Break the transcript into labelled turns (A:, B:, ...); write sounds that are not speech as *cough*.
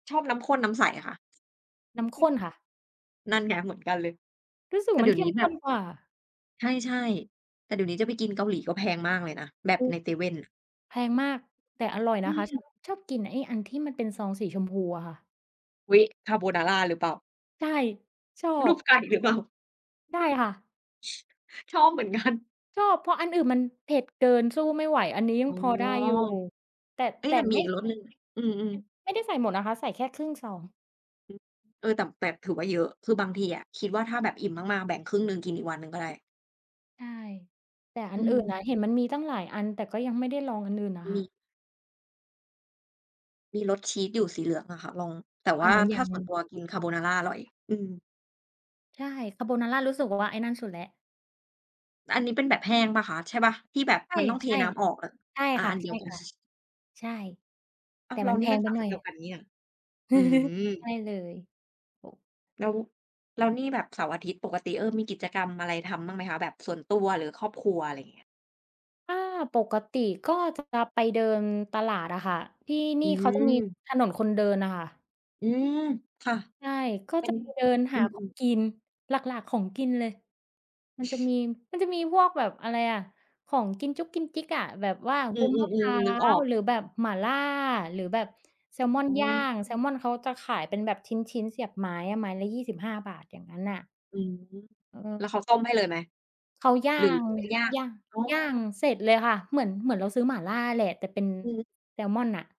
A: ชอบน้ำข้น น้ำใสอะคะ?
B: น้ำข้นค่ะ
A: นั่นไงเหมือนกันเลย
B: รู้สึก
A: แต่เ
B: ม
A: ด
B: ั
A: ี
B: น
A: ๋ย
B: เ
A: ว
B: ข
A: น
B: ้
A: ี้
B: ม
A: แ
B: ข
A: บ
B: ้
A: บ
B: นกว่า
A: ใช่ ๆ แต่เดี๋ยวนี้จะไปกินเกาหลีก็แพงมากเลยนะ แบบในเซเว่นน่ะ
B: แพงมาก แต่อร่อย
A: อ
B: นะคะ ชอ
A: ืม
B: บ ชอบกินไอ้อันที่มันเป็นซองสีชมพูอะค่ะ
A: อุ๊ย คาร์โบนาราหรือเปล่า?
B: ใช่ ชอ
A: รู
B: บ
A: ปไก่ หรือเปล่า?
B: ใช่ค่ะ
A: ชอบเหมือน กัน
B: ชอบ เพราะอันอื่นมันเผ็ดเกิน สู้ไม่ไหว อันนี้ย
A: อ
B: ั
A: ๋
B: ง
A: อ
B: พอได้อยู่ แต่
A: เอ๊
B: แ
A: ะ
B: ต่
A: แต่ม
B: ไ
A: ี
B: ม
A: อ
B: ่
A: ีกรสหนึ่งไหม? อืม ๆ
B: ไม่ได้ใส่หมดนะคะ ใส่แค่ครึ่งซอง
A: เออ ตับ แตด ถือว่า เยอะ คือบางทีอะคิดว่า ถ้าแบบอิ่มมาก ๆ แบ่งครึ่งหนึ่ง กินอีกวันหนึ่งก็ได้
B: ใช่ แต่อ
A: อ
B: ัน
A: ื
B: อื่นอะ
A: ม
B: เห็นมันมีตั้งหลายอัน แต่ก็ยังไม่ได้ลองอันอื่นน่ะค
A: ม
B: ่
A: ี
B: ะ
A: มีรสชีสอยู่ สีเหลืองอะค่ะ ลอง แต่
B: อ๋อ
A: ว
B: อั
A: ่า
B: นนั้น
A: ถ
B: ย
A: ้
B: ั
A: าส่วน
B: ง
A: ตัว กินคาร์โบนาราอร่อย
B: ใช่ คาร์โบนารารู้สึก ว ว่า ไอ้นั่นสุดแล้ว
A: อันนี้เป็นแบบแห้งเปล่าคะ? ใช่เปล่า? ที่แบบ
B: ใช่
A: มันต้องเทน้ำออกอะ
B: ๆ ใช่
A: อ่า
B: ค่
A: อั
B: ะ
A: นเดียวกัน *chuckles*
B: ๆ ใช่
A: อ้
B: แ
A: า
B: ต่
A: ว เร
B: มั
A: า
B: นแ
A: น
B: พ
A: ี่มั
B: ง
A: น
B: ไป
A: สาย
B: หน่อ
A: เดียว
B: ย
A: กันนี้นะ อื
B: *chuckles* ใช
A: ม
B: ่เลย ถูก
A: แล้ว แล้วนี่แบบเสาร์-อาทิตย์ ปกติ เออ มีกิจกรรมอะไรทำบ้างไหมคะ? แบบส่วนตัวหรือครอบครัว อะไรเงี้ย
B: ถ้าปกติก็จะกลับไปเดินตลาดอะค่ะ ที่น
A: อ
B: ี
A: ื
B: ่เขาจะมี
A: ม
B: ถนนคนเดินน่ะค่ะ
A: อืม ค่ะ
B: ใช่ ก็
A: เป็
B: จะ
A: น
B: ไปเดินห
A: อื
B: าของ
A: ม ๆ
B: กิน หลัก ๆ ของกินเลย มันจะมี
A: *chuckles*
B: มันจะมีพวกแบบ อะไรอะ ของกินจุ๊กกินจิ๊กอะ แบบว่า
A: อ
B: ว
A: ื
B: ุ้นมะพร
A: อ
B: ้า
A: ๆ ๆ นึกออ
B: ว
A: ก
B: หรือแบบหมาล่า หรือแบบแซลมอ
A: อ
B: น
A: ๋
B: ย่าง แซ
A: อ
B: ลมอนเขาจะขายเป็นแบบชิ้น ๆ เสียบไม้อะ ไม้ละ 25 บาท อย่างงั้นน่ะ
A: อืม
B: เออ
A: แล้วเขาต้มให้เลยไหม?
B: เขาย่า
A: หรือ
B: ง
A: ว่าย่าง?
B: ย่าง
A: อ๋อ
B: ย่างเสร็จเลยค่ะ เหมือน เหมือนเราซื้อหมาล่าแหละ แต่เป็น
A: อือฮึ
B: แซลมอนน่ะ